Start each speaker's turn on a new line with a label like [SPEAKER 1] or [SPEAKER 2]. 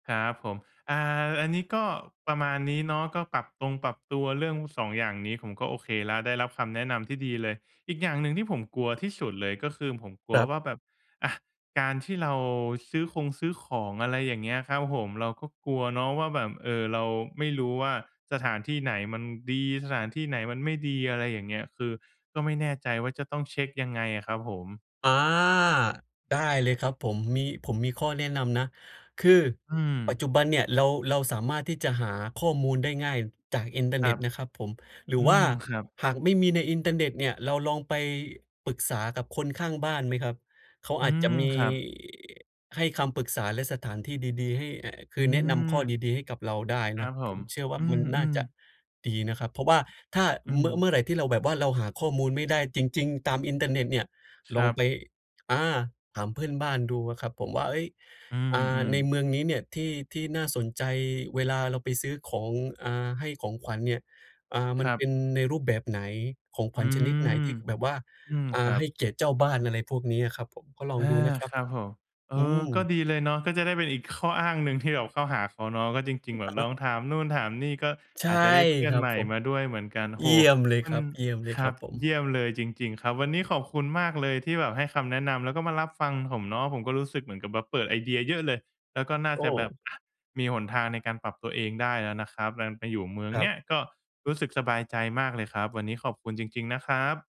[SPEAKER 1] ครับผม อ่า อันนี้ก็ประมาณนี้เนาะ ก็ปรับตงปรับตัวเรื่อง 2 อย่างนี้ผมก็โอเคแล้วได้รับคำแนะนำที่ดีเลย อีกอย่างหนึ่งที่ผมกลัวที่สุดเลยก็คือผมกลั
[SPEAKER 2] ค
[SPEAKER 1] ว
[SPEAKER 2] รับ
[SPEAKER 1] ว่าแบบ อะ การที่เราซื้อคงซื้อของ อะไรอย่างเงี้ยครับผม เราก็กลัวเนาะว่าแบบ เอ่อ เราไม่รู้ว่า สถานที่ไหนมันดี สถานที่ไหนมันไม่ดี อะไรอย่างเงี้ย คือก็ไม่แน่ใจว่าจะต้องเช็กยังไงอะครับผม?
[SPEAKER 2] อา ได้เลยครับผม มี ผมมีข้อแนะนำนะคือ
[SPEAKER 1] อื
[SPEAKER 2] ปัจ
[SPEAKER 1] ม
[SPEAKER 2] จุบันเนี่ยเรา เราสามารถที่จะหาข้อมูลได้ง่ายจากอินเทอร
[SPEAKER 1] ค
[SPEAKER 2] ์เน
[SPEAKER 1] ร
[SPEAKER 2] ็
[SPEAKER 1] ั
[SPEAKER 2] ต
[SPEAKER 1] บ
[SPEAKER 2] นะครับผม หรื
[SPEAKER 1] อื
[SPEAKER 2] อว่า
[SPEAKER 1] ม ครับ
[SPEAKER 2] หากไม่มีในอินเทอร์เน็ตเนี่ยเราลองไปปรึกษากับคนข้างบ้านไหมครับ? เขา
[SPEAKER 1] อื
[SPEAKER 2] อาจจะ
[SPEAKER 1] ม
[SPEAKER 2] มี
[SPEAKER 1] ครับ
[SPEAKER 2] ให้คำปรึกษาและสถานที่ดี ๆ ให้ ไอ้ ค
[SPEAKER 1] อื
[SPEAKER 2] ือแนะน
[SPEAKER 1] ม
[SPEAKER 2] ำข้อดี ๆ ให้กับเราได้
[SPEAKER 1] คร
[SPEAKER 2] น
[SPEAKER 1] ั
[SPEAKER 2] ะ
[SPEAKER 1] บผ
[SPEAKER 2] ผ
[SPEAKER 1] ม
[SPEAKER 2] มเชื่อว่
[SPEAKER 1] อ
[SPEAKER 2] า
[SPEAKER 1] ื
[SPEAKER 2] มันน่า
[SPEAKER 1] ม
[SPEAKER 2] จะ
[SPEAKER 1] ๆ
[SPEAKER 2] ดีนะครับ เพราะว่าถ้า
[SPEAKER 1] อื
[SPEAKER 2] เมื่อ
[SPEAKER 1] ม
[SPEAKER 2] เมื่อไรที่เราแบบว่าเราหาข้อมูลไม่ได้จริง ๆ ตามอินเทอร์เน็ตเนี่ย
[SPEAKER 1] ค
[SPEAKER 2] ล
[SPEAKER 1] ร
[SPEAKER 2] อ
[SPEAKER 1] ั
[SPEAKER 2] ง
[SPEAKER 1] บ
[SPEAKER 2] ไป อา ถามเพื่อนบ้านดูอะครับ ผมว่า "เฮ้ย
[SPEAKER 1] อื
[SPEAKER 2] อา
[SPEAKER 1] ม
[SPEAKER 2] ใน
[SPEAKER 1] ๆ
[SPEAKER 2] เมืองนี้เนี่ยที่ ที่น่าสนใจเวลาเราไปซื้อของ อา ให้ของขวัญเนี่ย อา
[SPEAKER 1] ค
[SPEAKER 2] มัน
[SPEAKER 1] รั
[SPEAKER 2] เป
[SPEAKER 1] บ
[SPEAKER 2] ็นในรูปแบบไหน? ของข
[SPEAKER 1] อื
[SPEAKER 2] วัญชนิด
[SPEAKER 1] ม
[SPEAKER 2] ไหน? ที่แบบว่า
[SPEAKER 1] อืม
[SPEAKER 2] อ
[SPEAKER 1] ค
[SPEAKER 2] า
[SPEAKER 1] รั
[SPEAKER 2] ให
[SPEAKER 1] บ
[SPEAKER 2] ้เกียรติเจ้าบ้าน" อะไรพวกนี้อะครับผม ก็ลอง
[SPEAKER 1] อา
[SPEAKER 2] ดูนะครั
[SPEAKER 1] ค
[SPEAKER 2] บ
[SPEAKER 1] รั
[SPEAKER 2] ผ
[SPEAKER 1] บ
[SPEAKER 2] ม
[SPEAKER 1] ผม เออ
[SPEAKER 2] อื
[SPEAKER 1] ก็
[SPEAKER 2] ม
[SPEAKER 1] ดีเลยเนาะ ก็จะได้เป็นอีกข้ออ้างหนึ่งที่แบบเข้าหาเขาเนาะ ก็จริ
[SPEAKER 2] อ
[SPEAKER 1] ง ๆ แบ
[SPEAKER 2] ะ
[SPEAKER 1] บ
[SPEAKER 2] ฮ
[SPEAKER 1] ล
[SPEAKER 2] ะ
[SPEAKER 1] องถ
[SPEAKER 2] ครั
[SPEAKER 1] า
[SPEAKER 2] บ
[SPEAKER 1] มนู่นถามนี่ ก็
[SPEAKER 2] ใช
[SPEAKER 1] อ
[SPEAKER 2] ่
[SPEAKER 1] าจจะได้เพื่อ
[SPEAKER 2] ค
[SPEAKER 1] น
[SPEAKER 2] รั
[SPEAKER 1] ใ
[SPEAKER 2] บ
[SPEAKER 1] หม่
[SPEAKER 2] ผม
[SPEAKER 1] มาด้วยเหมือนกัน โอ้โ
[SPEAKER 2] เ
[SPEAKER 1] ฮ
[SPEAKER 2] ยี่ยมเลย
[SPEAKER 1] มั
[SPEAKER 2] ค
[SPEAKER 1] น
[SPEAKER 2] รับ เยี่ยมเลย
[SPEAKER 1] คร
[SPEAKER 2] คร
[SPEAKER 1] ั
[SPEAKER 2] ับ
[SPEAKER 1] บ
[SPEAKER 2] ผ
[SPEAKER 1] เย
[SPEAKER 2] ม
[SPEAKER 1] ี่ยมเลยจริง ๆ ครับ วันนี้ขอบคุณมากเลยที่แบบให้คำแนะนำแล้วก็มารับฟังผมเนาะ ผมก็รู้สึกเหมือนกับแบบเปิดไอเดียเยอะเลย แล้วก็น่า
[SPEAKER 2] โอ
[SPEAKER 1] จะแบบ
[SPEAKER 2] ้
[SPEAKER 1] อะ มีหนทางในการปรับตัวเองได้แล้วนะครับ แบบ ไปอยู่เมือง
[SPEAKER 2] ครั
[SPEAKER 1] เนี้
[SPEAKER 2] บ
[SPEAKER 1] ยก็รู้สึกสบายใจมากเลยครับ วันนี้ขอบคุณจริง ๆ นะครับ